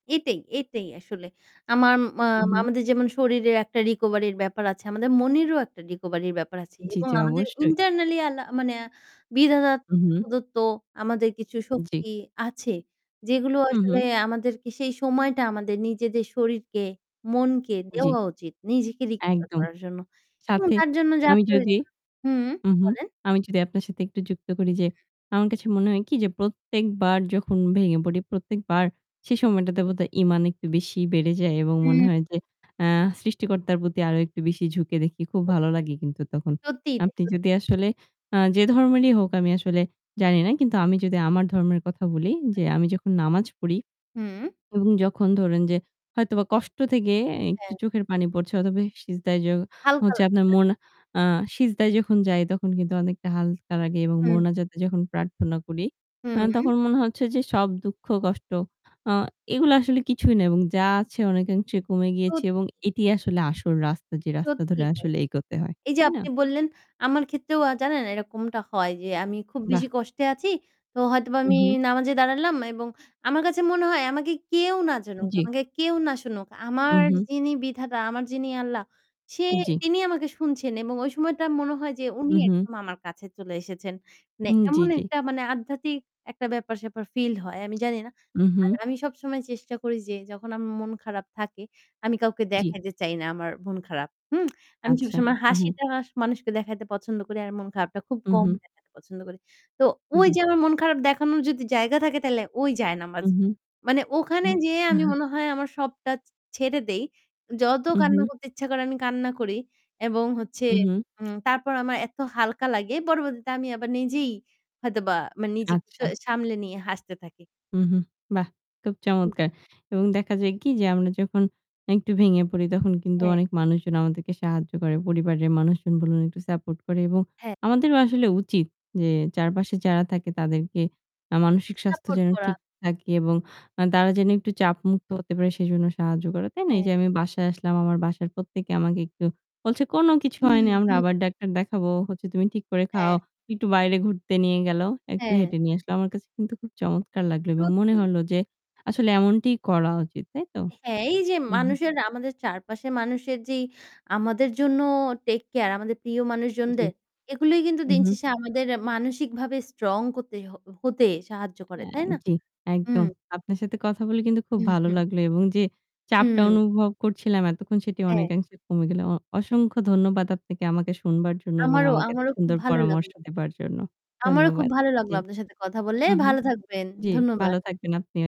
এটাই এটাই আসলে। আমার মা উম-হুম। আমাদের যেমন শরীরের একটা রিকভারির ব্যাপার আছে, আমাদের মনেরও একটা রিকভারির ব্যাপার আছে জি, এবং জি, আমাদের অবশ্যই। internally আল্লা মানে বিধাতা উম হুম। প্রদত্ত আমাদের কিছু জ্বী। শক্তি আছে, যেগুলো হুম, আসলে হুম। আমাদেরকে সেই সময়টা আমাদের নিজেদের শরীরকে, মনকে জি। দেওয়া উচিত নিজেকে রিকভার একদম। করার জন্য। এবং সাথে তার জন্য যা আমি যদি প্রয়োজন হুম, হুম হুম, হুম। বলেন। আমি যদি আপনার সাথে একটু যুক্ত করি যে, উম-হুম। আমার কাছে মনে হয় কি যে প্রত্যেকবার যখন ভেঙে পড়ি, প্রত্যেকবার সে সময়টাতে বোধহয় ঈমান একটু বেশি বেড়ে যায় এবং মনে হুম। হয় যে আ সৃষ্টিকর্তার প্রতি আরো একটু বেশি ঝুঁকে দেখি। খুব [unintelligible] ভালো লাগে কিন্তু তখন। সত্যিই তাই, আপনি সত্যি। যদি আসলে আ যে ধর্মেরই হোক আমি আসলে জানি না। কিন্তু আমি যদি আমার ধর্মের কথা বলি যে, [unintelligible] "আমি যখন নামাজ পড়ি হুম। এবং যখন ধরেন যে হয়তোবা কষ্ট থেকে একটু হ্যাঁ। চোখের পানি পড়ছে অথবা সিজদায় য হালকা হচ্ছে লাগে, আপনার না? মন আ সিজদায় যখন যায় তখন কিন্তু অনেকটা হালকা লাগে এবং হুম। মোনাজাতে যখন প্রার্থনা করি, আ হুম-উম। তখন মনে হচ্ছে যে সব দুঃখ কষ্ট আ এগুলো আসলে কিছুই না। এবং যা আছে অনেকাংশে কমে গিয়েছি এবং সত্যিই। এটি আসলে আসল রাস্তা যে রাস্তা ধরে সত্যিই তাই। আসলে এগোতে হয়," এই যে তাই না? আপনি বললেন, আমার ক্ষেত্রেও আ জানেন এরকমটা হয় যে আমি খুব বেশি বাহ! কষ্টে আছি। তো হয়তোবা আমি উম-হুম। নামাজে দাঁড়ালাম এবং আমার কাছে মনে হয় আমাকে কেউ না জানুক, জ্বী। আমাকে কেউ না শুনুক। আমার উম-হুম। যিনি বিধাতা, আমার যিনি আল্লাহ সে জ্বি। তিনি আমাকে শুনছেন এবং ওই সময়টা মনে হয় যে উনি উম-হুম। একদম আমার কাছে চলে এসেছেন। মানে হুম, জ্বি, এমন জ্বি। একটা মানে আধ্যাত্মিক একটা ব্যাপার-স্যাপার ফিল হয়। আমি জানি না। উম-হুম। আর আমি সবসময় চেষ্টা করি যে, যখন আম মন খারাপ থাকে, আমি কাউকে জ্বি। দেখাইতে চাই না, আমার মন খারাপ, হুম? আমি আচ্ছা। সবসময় উম-হুম। হাসিটা স মানুষকে দেখাইতে পছন্দ করি আর মন খারাপটা খুব কম উম-হুম। দেখাতে পছন্দ করি। তো ঐ যে জ্বী। আমার মন খারাপ দেখানোর যদি জায়গা থাকে তাহলে ওই জায়নামাজ। উম-হুম, মানে ওখানে হুম যেয়ে আমি মনে হয় আমার সবটা ছে ছেড়ে দেই। যত কান্না উম-হুম। করতে ইচ্ছা করে আমি কান্না করি। এবং হচ্ছে উম-হুম। উম তারপর আমার এত হালকা লাগে পরবর্তীতে আমি আবার নিজেই হয়তোবা মানে নিজেকে স আচ্ছা। সামলে নিয়ে হাসতে থাকি। উম হুম। বাহ! খুব হুম। চমৎকার। এবং দেখা যায় কি যে আমরা যখন একটু ভেঙে পড়ি, তখন কিন্তু হ্যাঁ। অনেক মানুষজন আমাদেরকে সাহায্য করে। পরিবারের মানুষজন বলুন একটু সাপোর্ট করে। এবং হ্যাঁ। আমাদেরও আসলে উচিত যে চারপাশে যারা থাকে তাদেরকে আ এ মানসিক স্বাস্থ্য সাপোর্ট যেন করা। ঠিক থাকে এবং আ তারা যেন একটু চাপ মুক্ত হতে পারে সেজন্য সাহায্য করে, তাই না? এই হ্যাঁ। যে আমি বাসায় আসলাম। আমার বাসার প্রত্যেকে আমাকে একটু বলছে, "কোন কিছু হুম, হয়নি। আমরা হুম। আবার ডাক্তার দেখাবো। হচ্ছে তুমি ঠিক করে খাও।" হ্যাঁ। একটু বাইরে ঘুরতে নিয়ে গেলো। একটু হ্যাঁ। হেঁটে নিয়ে আসলো। আমার কাছে কিন্তু খুব চমৎকার লাগলো এবং মনে সত্যিই। হলো যে আসলে এমনটিই করা উচিত, তাই তো? এ হ্যাঁ, এই যে হুম, হুম। মানুষের আমাদের চারপাশের মানুষের যেই আমাদের জন্য টেইক কেয়ার, আমাদের প্রিয় জী। মানুষজনদের এগুলোই কিন্তু উম-হুম। দিনশেষে আমাদের মানসিকভাবে স্ট্রং করতে হ হ হতে সাহায্য করে, অ্যা তাই না? জ্বী, হুম। একদম! আপনার সাথে কথা বলে কিন্তু খুব ভালো লাগলো এবং যে চাপটা হুম। অনুভব করছিলাম এতক্ষণ সেটি হ্যাঁ। অনেকাংশে কমে গেল। অ অসংখ্য ধন্যবাদ আপনাকে আমাকে শুনবার জন্য এবং আমারও আমাকে এত আমারও খুব সুন্দর ভালো পরামর্শ লাগলো। দেবার জন্য। আমারও খুব ধন্যবাদ। ভালো লাগলো জী। আপনার সাথে কথা বলে। হুম, হুম। ভালো থাকবেন। জ্বী, ধন্যবাদ। ভালো থাকবেন আপনি